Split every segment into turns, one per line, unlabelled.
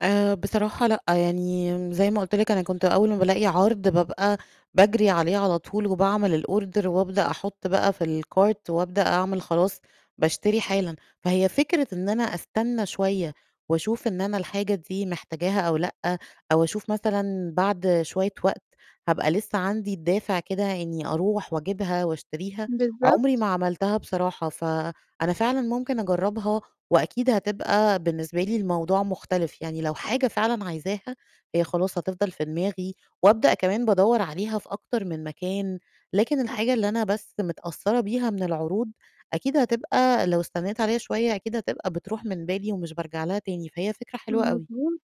آآ بصراحة لأ، يعني م زي ما قُلت لك أنا كنت أول ما بالاقي عَرْض بابقى باجري عليه على طول وباعمل الorder وأبدأ أحُط بقى في الcart وأبدأ أعمل خلاص باشتري حالًا. فهي فكرة إن أنا أستنّى شوية وأشوف إن أنا الحاجة دي محتاجاها أو لأ، أو أشوف مثلًا بعد شوية وقت هابقى لسّه عندي الدافع كده إنّي أروح وأجيبها وأشتريها، عمري
بالضبط.
ما عملتها بصراحة، فأنا فعلًا ممكن أجرّبها وأكيد هتبقى بالنسبة لي الموضوع مختلف. يعني لو حاجة فعلًا عايزاها، هي خلاص هتفضل في دماغي وأبدأ كمان بادوّر عليها في أكتر من مكان، لكن الحاجة اللي أنا بس متأثّرة بيها من العروض، أكيد هتبقى لو استنّيت عليها شوية أكيد هتبقى بتروح من بالي ومش بارجع لها تاني، فهي فكرة حلوة أوي.
مظبوط.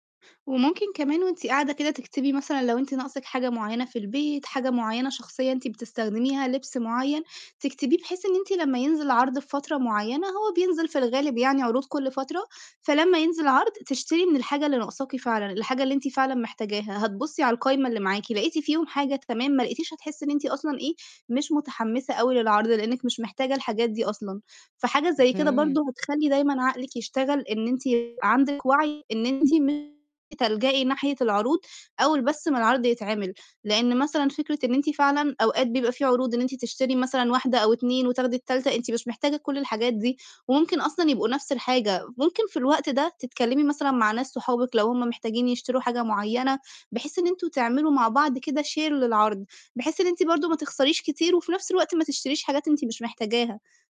وممكن كمان وأنتِ قاعدة كده تكتبي مثلًا لو أنتِ ناقصِك حاجة معيّنة في البيت، حاجة معيّنة شخصيًا أنتِ بتستخدميها، لبْس معيّن، تكتبيه بحيث إن أنتِ لمّا ينزل عَرْض في فترة معيّنة، هو بينزل في الغالب يعني عروض كل فترة، فلمّا ينزل عَرْض، تشتري من الحاجة اللي ناقصاكِ فعلًا، الحاجة اللي أنتِ فعلًا محتاجاها. هتبُصّي على القايمة اللي معاكِ، لقيتِ فيهم حاجة تمام، ما لقيتيش هتحسّي إن أنتِ أصلًا إيه، مش متحمّسة أوي للعَرْض لإنِّك مش محتاجة الحاجات دي أصلًا. فحاجة زي كده
اهم.
برضه هتخلّي دايمًا عقلِك يشتغل إن أنتِ عندِك وَعْي إن أنتِ ممكن تلجئي ناحية العروض أول بس ما العَرْض يتعمل. لإن مثلًا فكرة إن أنتِ فعلًا أوقات بيبقى فيه عروض إن أنتِ تشتري مثلًا واحدة أو 2 وتاخدي التالتة، أنتِ مش محتاجة كل الحاجات دي وممكن أصلًا يبقوا نَفْس الحاجة. ممكن في الوقت ده تتكلّمي مثلًا مع ناس صحابِك لو هم محتاجين يشتروا حاجة معيّنة، بحيث إن أنتم تعملوا مع بعض كده share للعَرْض، بحيث إن أنتِ برضه ما تخسريش كتير وفي نَفْس الوقت ما تشتريش حاجات أنتِ مش محتاجاها.